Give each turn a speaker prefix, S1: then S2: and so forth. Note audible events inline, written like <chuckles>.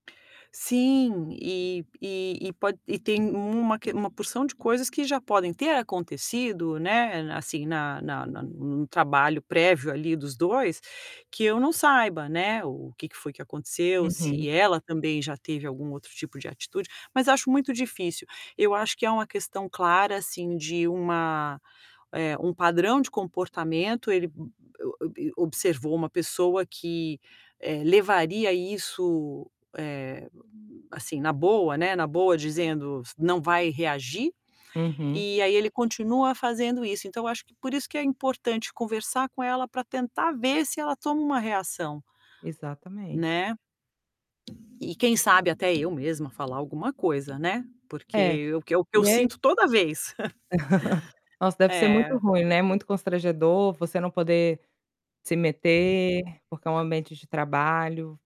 S1: Sim. E e e pode e tem uma que uma porção de coisas que já podem ter acontecido, né, assim, na na na num trabalho prévio ali dos 2, que eu não saiba, né, o que que foi que aconteceu,
S2: Uhum.
S1: se ela também já teve algum outro tipo de atitude, mas acho muito difícil. Eu acho que é um questão clara assim de uma eh, um padrão de comportamento, ele o o ob observou uma pessoa que, eh, levaria isso, eh, assim na boa, né, na boa dizendo s "Não vai reagir".
S2: Uhum.
S1: E aí ele continua fazendo isso, então eu acho que por isso que é importante conversar com ela para tentar ver se ela toma uma reação
S2: Exatamente.
S1: Né. E quem sabe até eu mesma falar alguma coisa né, porque
S2: É,
S1: eu é o que eu que eu
S2: e é
S1: sinto toda vez.
S2: <chuckles>
S1: <chuckles>
S2: Nossa deve ser muito
S1: É.
S2: ruim né, muito constrangedor você não poder se meter, porque é um ambiente de trabalho.